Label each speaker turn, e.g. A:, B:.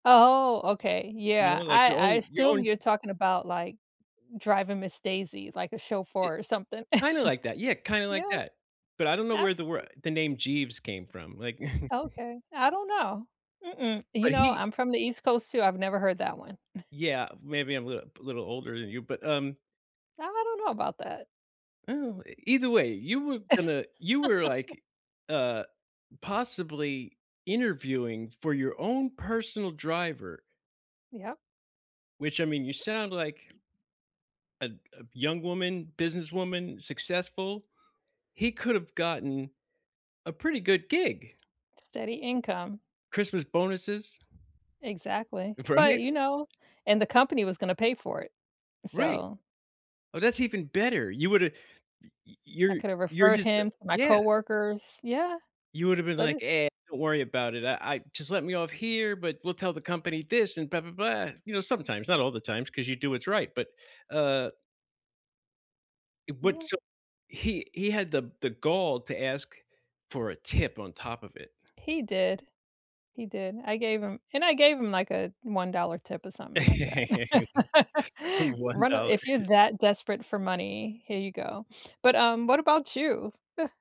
A: Oh, oh, okay,
B: You
A: yeah,
B: know, like,
A: I
B: your
A: I
B: own your
A: assume
B: own
A: you're talking about, like, Driving Miss Daisy, like, a
B: Y
A: chauffeur or something?
B: kinda like that yeah, kind of like
A: Yeah.
B: that, but I don't know where the wor
A: Absolute
B: the name Jeeves came from, like
A: Okay, I don't know. Mm-mm, you
B: But
A: know,
B: he
A: I'm from the east coast too, I've never heard that one.
B: Yeah, maybe I'm a li b little older than you, but, um
A: I don't know about that.
B: Oh, either way, you were gonna you were like, uh, possibly interviewing for your own personal driver.
A: Yeah.
B: Which I mean, you sound like a a young woman, businesswoman, successful, he could have gotten a pretty good gig.
A: Steady income.
B: Christmas bonuses.
A: Exactly, but,
B: Right?
A: you know, and the company was gonna pay for it,
B: Right.
A: so
B: Oh, that's even better. You woulda y y
A: I
B: you're
A: could have
B: you're
A: referred
B: just a
A: him to my
B: yeah.
A: coworkers yeah,
B: You woulda been
A: but
B: like,
A: it
B: "Eh, don't worry about it. I I just let me off here, but we'll tell the company this and blah blah blah," you know, sometimes, not all the times, 'cause you do what's right, but, uh Eh, what
A: Yeah.
B: so he he had the the gall to ask for a tip on top of it?
A: He did, he did. I gave him and I gave him, like, a $1 tip or something like that.
B: one
A: Run a
B: dollar.
A: if you're that desperate for money, here you go, but, um, what about you?